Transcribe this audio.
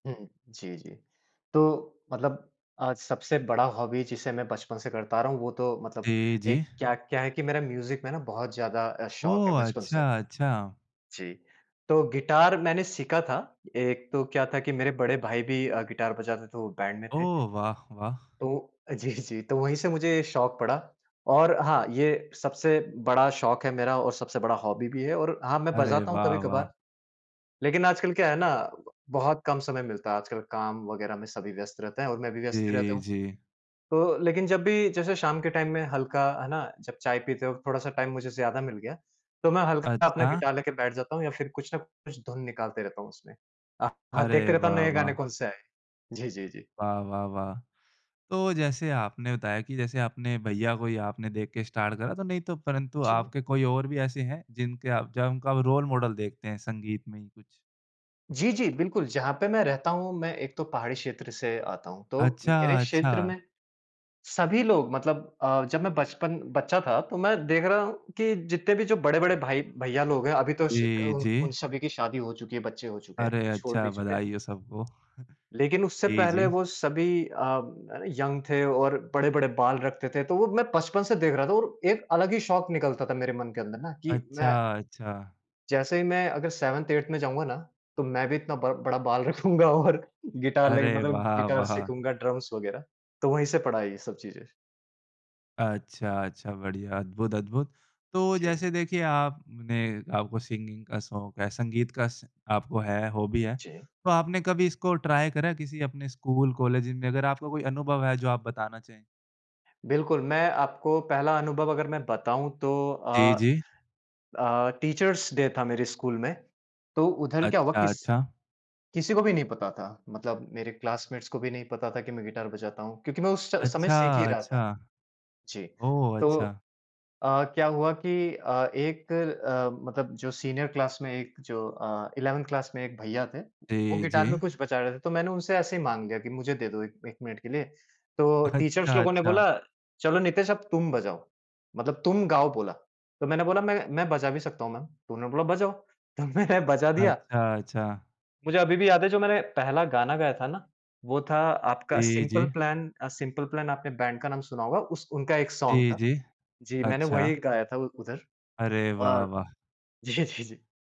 हुँ, जी, जी, तो मतलब आज सबसे बड़ा हॉबी जिसे मैं बचपन से करता रहा हूँ वो तो मतलब जी, जी। एक क्या क्या हैं कि मेरा म्यूज़िक में ना बहुत ज़्यादा अ, शौक है ओह! बचपन अच्छा, से। अच्छा। जी, तो गिटार मैंने सीखा था। एक तो क्या था कि मेरे बड़े भाई भी अ, गिटार बजाते थे वो बैंड में थे। ओह, वाह, वाह! तो, जी, जी, तो वही से मुझे शौक पड़ा, और हाँ, ये सबसे बड़ा शौक है मेरा और सबसे बड़ा हॉबी भी है और हाँ मैं अरे बजाता हूँ वाह, वाह! कभी-कभार, लेकिन आजकल क्या है ना? बहुत कम समय मिलता है। आजकल काम वग़ैरह में सभी व्यस्त रहते हैं और मैं भी व्यस्त ही रहता जी, हूँ। जी। तो लेकिन जब भी जैसे शाम के टाइम में हल्का है ना जब चाय पीते हो थोड़ा-सा टाइम मुझे ज़्यादा मिल गया तो मैं हल्का अपना अच्छा। गिटार लेके बैठ जाता हूँ या फिर कुछ न कुछ धुन निकालते रहता हूँ उसमे। अ, हाँ अरे देखते रहता हूँ वाह, नए गाने वाह! कौन से आए हैं, जी, जी, जी। वाह! वाह! वाह! तो जैसे आपने बताया कि जैसे आपने भैया को या आपने देख के स्टार्ट करा तो नहीं तो परंतु जी। आपके कोई और भी ऐसे हैं जिनके आप जब उनका रोल मॉडल देखते हैं संगीत में ही कुछ? जी, जी, बिल्कुल, जहाँ पे मैं रहता हूँ मैं एक तो पहाड़ी क्षेत्र से आता हूँ, तो अच्छा, मेरे क्षेत्र अच्छा। में सभी लोग मतलब अ, जब मैं बचपन बच्चा था तो मैं देख रहा हूँ कि जितने भी जो बड़े-बड़े भाई भैया लोग हैं। अभी तो उस जी, उन उन जी। सभी की शादी हो चुकी है, बच्चे हो चुके हैं अरे! और छोड़ अच्छा, भी चुके हैं। बधाई हो सबको। लेकिन उससे जी, पहले जी। वो सभी अ, यंग थे और बड़े-बड़े बाल रखते थे। तो वो मैं बचपन से देख रहा था और एक अलग ही शौक निकलता था मेरे मन के अंदर ना कि मैं अच्छा, अच्छा। जैसे ही मैं अगर सेवेंथ, एट्थ में जाऊँगा ना, तो मैं भी इतना बड़ बड़ा बाल रखूँगा और गिटार लेके अरे! मतलब वाह गिटार वाह। सीखूँगा, ड्रम्स वग़ैरह तो वही से पड़ा है ये सब चीज़ें। अच्छा, अच्छा बढ़िया, अद्भुत, अद्भुत। तो जी। जैसे देखिए आपने आपको सिंगिंग का शौक है, संगीत का श आपको है, हॉबी है। जी। तो आपने कभी इसको ट्राई करा है किसी अपने स्कूल, कॉलेज में? अगर आपका कोई अनुभव है जो आप बताना चाहें? बिल्कुल, मैं आपको पहला अनुभव अगर मैं बताऊँ तो अ जी, जी। अ, टीचर्स डे था मेरे स्कूल में। तो उधर क्या हुआ अच्छा, किस अच्छा। किसी को भी नहीं पता था, मतलब मेरे क्लासमेट्स को भी नहीं पता था कि मैं गिटार बजाता हूँ क्योंकि मैं उस च समय अच्छा, सीख ही रहा अच्छा, था। जी, ओह! तो अच्छा। अ, क्या हुआ कि अ, एक अ, मतलब जो सीनियर क्लास में एक जो अ, इलेवेंथ क्लास में एक भैया थे, वो जी, गिटार में जी। कुछ बजा रहे थे। तो मैंने उनसे ऐसे ही माँग लिया कि मुझे दे दो एक एक मिनट के लिए। तो टीचर्स अच्छा, लोगों ने अच्छा। बोला चलो नितेश अब तुम बजाओ, मतलब तुम गाओ बोला। तो मैंने बोला मैं मैं बजा भी सकता हूँ मैम मै उन्होंने बोला बजाओ, तो मैंने बजा दिया। अच्छा, अच्छा। मुझे अभी भी याद है जो मैंने पहला गाना गाया था ना, वो था आपका जी, सिंपल जी। प्लान। अ, सिंपल प्लान आपने बैंड का नाम सुना होगा उस उनका एक सॉन्ग जी, था, जी जी, मैंने ,अच्छा। वही गाया था उधर अरे वाह और वाह! जी, जी, जी।